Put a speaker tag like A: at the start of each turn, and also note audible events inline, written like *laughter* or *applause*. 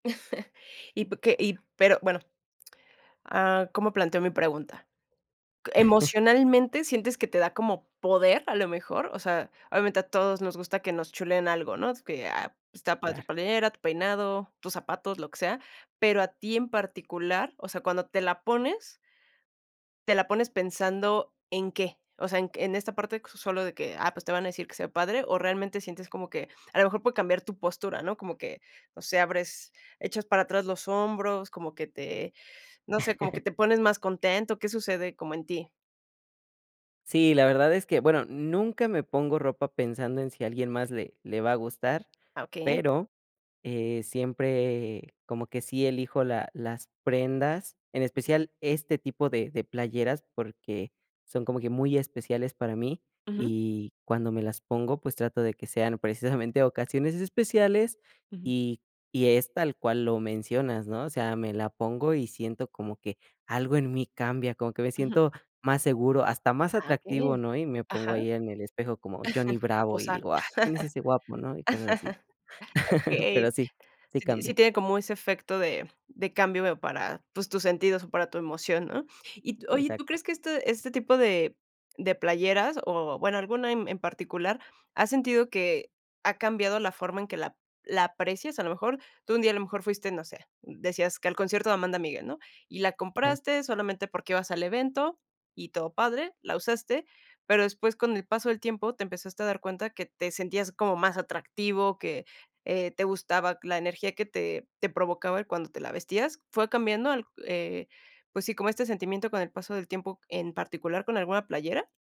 A: *chuckles* Y p que y pero, bueno, ah, ¿cómo planteo mi pregunta?
B: *chuckles*
A: ¿Emocionalmente sientes que te da como poder, a lo mejor? O sea, obviamente a todos nos gusta que nos chuleen algo, ¿no?, que, ah, está padre tu
B: Claro.
A: playera, tu peinado, tus zapatos, lo que sea. Pero a ti en particular, o sea, cuando te la pones te la pones pensando, ¿en qué?, o sea, en en esta parte q solo de que, ah, pues te van a decir que se ve padre o, ¿realmente sientes como que a lo mejor puede cambiar tu postura, no? Como que, no sé, abres echas para atrás los hombros, como que te, no sé, como que
B: *chuckles*
A: te pones más contento. ¿Qué sucede como en ti?
B: Sí, la verdad es que, bueno, nunca me pongo ropa pensando en si a alguien más le le va a gustar,
A: Ah, okey.
B: pero, eh, siempre como que sí elijo la las prendas, en especial este tipo de de playeras porque son como que muy especiales para mí
A: Ujú.
B: y cuando me las pongo, pues trato de que sean precisamente ocasiones especiales
A: Ujú.
B: y y es tal cual lo mencionas, ¿no? O sea, me la pongo y siento como que algo en mí cambia, como que me
A: Ujú.
B: siento más seguro, hasta más
A: Ah,
B: atractivo,
A: okey.
B: ¿no? Y me pongo
A: Ajá.
B: ahí en el espejo como Johnny
A: *chuckles* A
B: Bravo y
A: posar.
B: digo: "Ah, ¿quién es ese guapo", ¿no? Y cosas así.
A: *laughs*
B: *laughs* Pero
A: Okey.
B: sí, sí
A: Sí ti sí
B: cambia.
A: tiene como ese efecto de cambio, veo, para, pues, tus sentidos o para tu emoción, ¿no? Y tú oye, ¿tú
B: Exacto.
A: crees que este este tipo de de playeras o, bueno, alguna en en particular, has sentido que ha cambiado la forma en que la la aprecias? A lo mejor tú un día, a lo mejor fuiste, no sé decías que al concierto de Amanda Miguel, ¿no? Y la
B: Claro.
A: compraste solamente porque ibas al evento y todo padre, la usaste, pero después, con el paso del tiempo, te empezaste a dar cuenta que te sentías como más atractivo, que, eh, te gustaba la energía que te te provocaba cuando te la vestías. ¿Fue cambiando el, eh pues sí, como este sentimiento con el paso del tiempo, en particular con alguna playera?